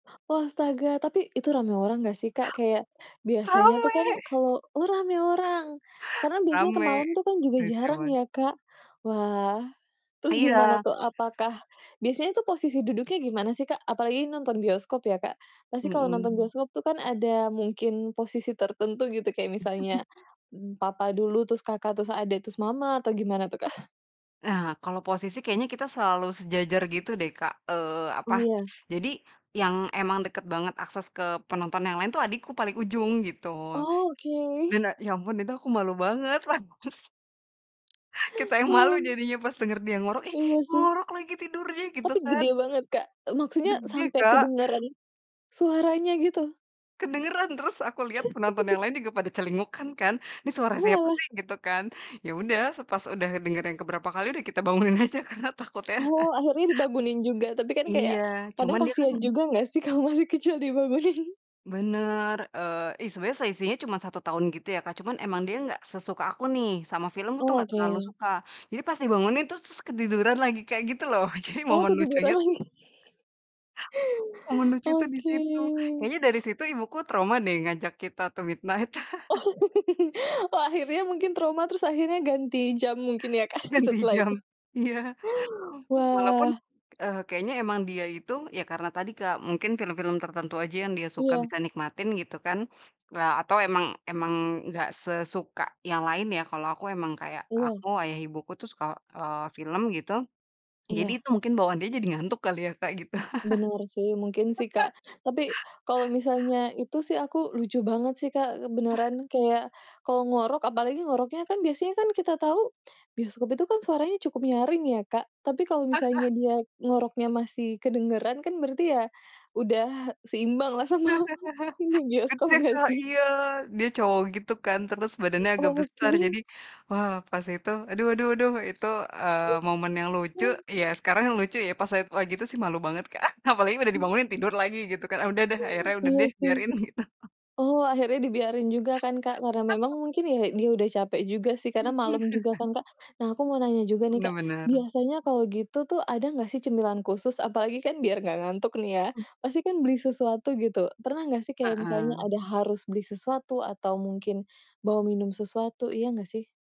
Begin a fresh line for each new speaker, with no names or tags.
Oh astaga, tapi itu ramai orang nggak sih Kak, kayak biasanya tuh
Rame.
kan kalau oh ramai orang, karena biasanya ke
Rame,
malam juga
saya
jarang
coba.
ya, Kak. Wah, terus gimana
Iya.
tuh, apakah biasanya posisi duduknya gimana sih, Kak? Apalagi nonton bioskop ya Kak, pasti kalau nonton
Mhm.
bioskop tuh kan ada mungkin posisi tertentu gitu, kayak misalnya papa dulu, terus Kakak, terus adik terus mama atau gimana tuh, Kak?
Ah, kalo posisi kayaknya kita selalu sejajar gitu deh Kak, eee, apa,
Oh ya.
jadi yang emang deket banget akses ke penonton yang lain tuh adikku paling ujung, gitu.
Oke.
Dan, a ya ampun itu aku malu banget lagus Kita yang malu
Wow.
jadinya pas denger dia ngorok, ih
Iya sih.
ngorok lagi tidurnya, gitu
Tapi
kan.
gede banget, Kak? Maksudnya
Gede,
sampai
Kak.
kedengaran, suaranya gitu?
Kedengeran terus aku liat penonton yang lain juga pada celinguk kan, ini suara siapa
Oalah.
sih gitu kan, yaudah pas udah dengar yang ke berapa kali udah kita bangunin aja karena takutnya
Oh, akhirnya dibangunin juga, tapi kan
iya,
kayak
cuma
kadang
dia kan
kasihan juga nggak sih kalau masih kecil dibangunin.
Benar, eee, ih sebenarnya selisihnya cuman 1 tahun gitu ya Kak, cuman emang dia nggak sesuka aku nih, sama film tuh
Oh,
nggak terlalu
oke.
suka. Jadi pas dibangunin tuh terus ketiduran lagi, kayak gitu loh, jadi
Oh
momen lucunya
ketiduran
tuh
lagi?
Momen lucu tuh di
Oke.
situ, kayaknya dari situ ibuku trauma deh ngajak kita tuh midnight.
Oh. Oh akhirnya mungkin trauma, terus akhirnya ganti jam, mungkin ya Kak,
Ganti
setelah
jam
itu.
iya. Walaupun,
Wah.
eee, kayaknya emang dia itu, ya karena tadi Kak, mungkin film-film tertentu aja yang dia suka
Iya.
bisa nikmatin gitu kan, eee, atau emang emang nggak sesuka yang lain ya, kalau aku emang kayak
Iya.
aku, ayah ibuku tuh suka, eee, film gitu. Jadi
Iya.
itu mungkin bawaan dia jadi ngantuk kali ya Kak gitu.
Benar sih, mungkin sih, Kak. Tapi, kalau misalnya itu sih aku lucu banget sih Kak,
Ah.
beneran kayak kalau ngorok, apalagi ngoroknya kan biasanya kan kita tahu, bioskop itu kan suaranya cukup nyaring ya, Kak. Tapi kalau
Ah
misalnya
ah.
dia ngoroknya masih kedengeran kan, berarti ya udah seimbang lah sama, ini
Kan
bioskop
dia Kak
berarti.
iya, dia cowok, gitu kan. Terus badannya agak besar
Oke.
jadi, wah pas itu, aduh aduh aduh itu, eee, momen yang lucu, ya sekarang lucu ya pas saya lagi itu sih malu banget Kak, apalagi udah dibangunin, tidur lagi gitu kan, udah deh akhirnya udah
Iya
deh,
sih.
biarin gitu.
Oh akhirnya dibiarin juga kan Kak, karena memang mungkin ya, dia udah capek juga sih, karena malam juga kan, Kak. Nah aku mau nanya juga nih
Benar
Kak,
benar.
biasanya kalau gitu tuh ada nggak sih cemilan khusus, apalagi kan biar nggak ngantuk nih ya,
Oh, b
pasti kan beli sesuatu gitu, pernah nggak sih kayak misalnya
Heeh.
ada harus beli sesuatu atau mungkin bawa minum sesuatu, iya nggak sih?